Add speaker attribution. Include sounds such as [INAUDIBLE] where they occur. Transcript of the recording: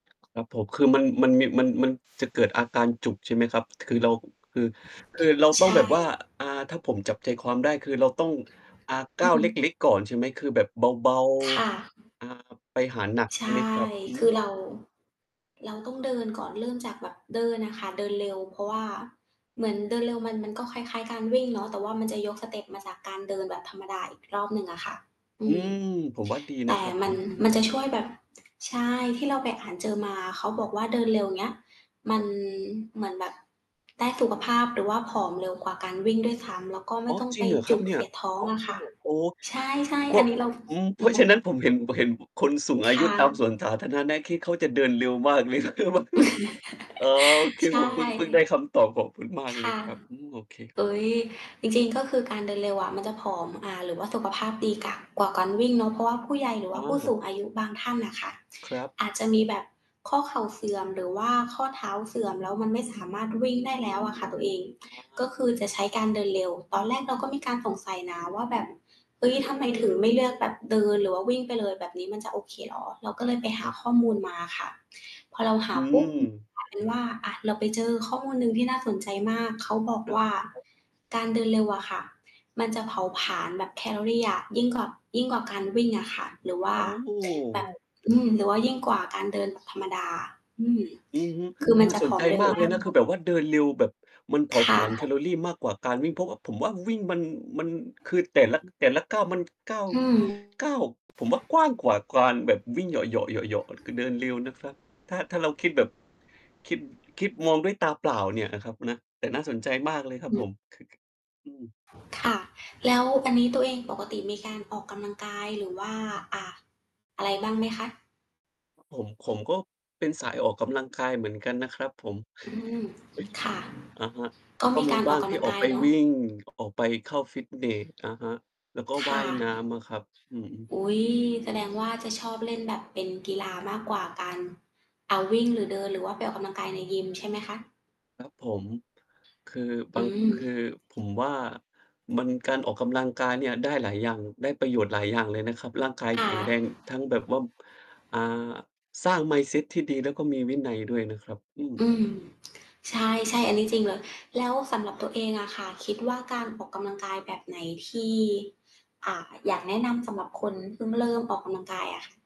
Speaker 1: ครับผม คือมัน มันมี มัน มันจะเกิดอาการจุก ใช่ไหมครับ คือเรา คือ คือเรา
Speaker 2: ใ
Speaker 1: ต
Speaker 2: ช
Speaker 1: ้องแบ
Speaker 2: ่
Speaker 1: บว่า อา ถ้าผมจับใจความได้ คือเราต้อง อ่า ก
Speaker 2: อื
Speaker 1: ้าวเล
Speaker 2: ม
Speaker 1: ็ก ๆ ก่อน ใช่ไหม คือแบบเบา
Speaker 2: ค่ะ
Speaker 1: ๆ อ่า ไปหาหนัก
Speaker 2: ใช
Speaker 1: ใช่ไหม
Speaker 2: ่
Speaker 1: ครับ? อื
Speaker 2: คือ
Speaker 1: ม
Speaker 2: เรา เราต้องเดินก่อน เริ่มจากแบบเดินอะค่ะ เดินเร็ว เพราะว่าเหมือนเดินเร็ว มัน มันก็คล้าย ๆ การวิ่งเนาะ แต่ว่ามันจะยกส
Speaker 1: [UNINTELLIGIBLE]
Speaker 2: เต็ปมาจากการเดินแบบธรรมดาอีกรอบหนึ่งอะค่ะ อ
Speaker 1: อื
Speaker 2: ืม
Speaker 1: ม ผมว่าดี
Speaker 2: แ
Speaker 1: น
Speaker 2: ต
Speaker 1: ะ
Speaker 2: ่
Speaker 1: ครับ
Speaker 2: ม
Speaker 1: ผ
Speaker 2: ัน
Speaker 1: ม อื
Speaker 2: มัน
Speaker 1: ม
Speaker 2: จะช่วยแบบ ใช่ ที่เราไปอ่านเจอมา เขาบอกว่าเดินเร็ว อย่างเงี้ย มั
Speaker 1: คร
Speaker 2: น
Speaker 1: ับ
Speaker 2: เหมือนแบบได้สุขภาพ หรือว่าผอมเร็วกว่าการวิ่งด้วยซ้ำ แล้วก็ไม
Speaker 1: อ๋
Speaker 2: ่
Speaker 1: อ
Speaker 2: ต้อง
Speaker 1: จร
Speaker 2: ไ
Speaker 1: ิ
Speaker 2: ป
Speaker 1: งเหรอค
Speaker 2: จ
Speaker 1: รั
Speaker 2: ุ
Speaker 1: บ
Speaker 2: ก
Speaker 1: เนี
Speaker 2: เ
Speaker 1: ่
Speaker 2: ส
Speaker 1: ย?
Speaker 2: ียดท้องอะค่ะ
Speaker 1: โอ้
Speaker 2: ใช่
Speaker 1: เพร
Speaker 2: ๆ อ
Speaker 1: า
Speaker 2: ั
Speaker 1: ะ
Speaker 2: นนี้เรา
Speaker 1: อืม เพ
Speaker 2: อื
Speaker 1: ราะฉะ
Speaker 2: ม
Speaker 1: นั้นผม เห็น เห็นคนสูงอ
Speaker 2: ค
Speaker 1: ายุ
Speaker 2: ่
Speaker 1: ตามส
Speaker 2: ะ
Speaker 1: วนสาธารณะนะ ที่เขาจะเดินเร็วมากเลย [LAUGHS] อ๋อ ค
Speaker 2: [LAUGHS]
Speaker 1: ื
Speaker 2: ใ
Speaker 1: อ
Speaker 2: ช
Speaker 1: ผ
Speaker 2: ่
Speaker 1: มเพิ่ง เพิ่งได้คำตอบ ขอบคุณมาก
Speaker 2: ค
Speaker 1: เลย
Speaker 2: ่ะ
Speaker 1: ครับ อืม โอเค
Speaker 2: เฮ้ย จริง ๆ ก็คือการเดินเร็วอะ มันจะผอม อ่า หรือว่าสุขภาพดีก่า กว่าการวิ่งเนาะ เพราะว่าผู้ใหญ่ หรือ
Speaker 1: อ
Speaker 2: ว
Speaker 1: ๋
Speaker 2: ่าผู้ส
Speaker 1: อ
Speaker 2: ูงอายุบางท่านน่ะค่ะ
Speaker 1: ครับ
Speaker 2: อาจ จะ มีแบบข้อเข่าเสื่อมหรือว่าข้อเท้าเสื่อม แล้วมันไม่สามารถวิ่งได้แล้วอะค่ะ ตัวเอง
Speaker 1: อ๋
Speaker 2: ก
Speaker 1: อ
Speaker 2: ็คือจะใช้การเดินเร็ว ตอนแรกเราก็มีการสงสัยนะว่า แบบ เฮ้ย ทำไมถึงไม่เลือกแบบเดินหรือว่าวิ่งไปเลย แบบนี้มันจะโอเคเหรอ? เราก็เลยไปห
Speaker 1: ค
Speaker 2: า
Speaker 1: รับ
Speaker 2: ข้อมูลมาค่ะ พอเราห
Speaker 1: อ
Speaker 2: า
Speaker 1: ื
Speaker 2: ปุ๊บ
Speaker 1: ม
Speaker 2: กลาย เป็นว่า อา เราไปเจอข้อมูลหนึ่งที่น่าสนใจมาก เขาบอก
Speaker 1: คร
Speaker 2: ว
Speaker 1: ับ
Speaker 2: ่า การเดินเร็วอะค่ะ มันจะ
Speaker 1: [UNINTELLIGIBLE]
Speaker 2: เผาผลาญแบบแคลอรีอะ ยิ่งกว่า ยิ่งกว่าการวิ่งอะค่ะ หรือว่า
Speaker 1: โอ
Speaker 2: แบบ
Speaker 1: ้
Speaker 2: อืม หรือว่ายิ่งกว่าการเดินธรรมดา อืม
Speaker 1: อือฮึ
Speaker 2: คือมั
Speaker 1: น
Speaker 2: น
Speaker 1: ่
Speaker 2: จ
Speaker 1: า
Speaker 2: ะ
Speaker 1: ส
Speaker 2: ผ
Speaker 1: น
Speaker 2: อ
Speaker 1: ใจ
Speaker 2: มเร็
Speaker 1: ม
Speaker 2: ว
Speaker 1: าก
Speaker 2: ม
Speaker 1: เล
Speaker 2: า
Speaker 1: ยนะ คือ
Speaker 2: ก
Speaker 1: แบบว่าเดินเร็วแบบมันเผา
Speaker 2: ค
Speaker 1: ผ
Speaker 2: ่
Speaker 1: ลาญแค
Speaker 2: ะ
Speaker 1: ลอรีมากกว่าการวิ่ง เพราะว่า ผมว่าวิ่ง มัน มัน คือแต่ละ แต่ละก้าวมัน ก้าว
Speaker 2: อืม
Speaker 1: ก้าว ผมว่ากว้างกว่าการแบบวิ่งเหยาะๆ เหยาะๆ คือเดินเร็วนะคะ ถ้า ถ้าเราคิดแบบ คิด คิดมองด้วยตาเปล่าเนี่ยนะครับนะ แต่น่าสนใจมากเลยครับผ
Speaker 2: [UNINTELLIGIBLE]
Speaker 1: ม อือ
Speaker 2: ค่ะ แล้วอันนี้ตัวเองปกติมีการออกกำลังกาย หรือว่า อา อะไรบ้างไหมคะ?
Speaker 1: ผม ผมก็เป็นสายออกกำลังกายเหมือนกันนะครับผม
Speaker 2: อืม ค่ะ
Speaker 1: [CHUCKLES] อะฮะ
Speaker 2: ก็
Speaker 1: ก็
Speaker 2: มี
Speaker 1: ม
Speaker 2: ก
Speaker 1: ี
Speaker 2: าร
Speaker 1: บ
Speaker 2: อ
Speaker 1: ้า
Speaker 2: อก
Speaker 1: ง
Speaker 2: ก
Speaker 1: ท
Speaker 2: ำ
Speaker 1: ี
Speaker 2: ล
Speaker 1: ่
Speaker 2: ัง
Speaker 1: ออ
Speaker 2: ก
Speaker 1: ก
Speaker 2: า
Speaker 1: ไ
Speaker 2: ย
Speaker 1: ป
Speaker 2: เนาะ
Speaker 1: วิ่ง ออกไปเข้าฟิตเนส อะฮะ แล้วก็
Speaker 2: ค
Speaker 1: ว่
Speaker 2: ่
Speaker 1: า
Speaker 2: ะ
Speaker 1: ย น้ำ มั้งครับ อือฮึ
Speaker 2: อุ๊ย แสดงว่าจะชอบเล่นแบบเป็นกีฬามากกว่า การ อา วิ่ง หรือเดิน หรือว่าไปออกกำลังกายในยิมใช่ไหมคะ?
Speaker 1: ครับ ผม คือบ
Speaker 2: อ
Speaker 1: า
Speaker 2: ื
Speaker 1: ง คือ
Speaker 2: ม
Speaker 1: ผมว่า มัน การออกกำลังกายเนี่ยได้หลายอย่าง ได้ประโยชน์หลายอย่างเลยนะครับ ร่างกาย
Speaker 2: ค
Speaker 1: แ
Speaker 2: ่
Speaker 1: ข็งแรงท
Speaker 2: ะ
Speaker 1: ั้งแบบว่า อ่า สร้าง Mindset ที่ดี แล้วก็มีวินัยด้วยนะครับ อืม
Speaker 2: อืม ใช่ ๆ อันนี้จริงเลย แล้วสำหรับตัวเองอะค่ะ คิดว่าการออกกำลังกายแบบไหนที่ อ่า อยากแนะนำสำหรับคนเพิ่งเริ่มออกกำลังกายอะ?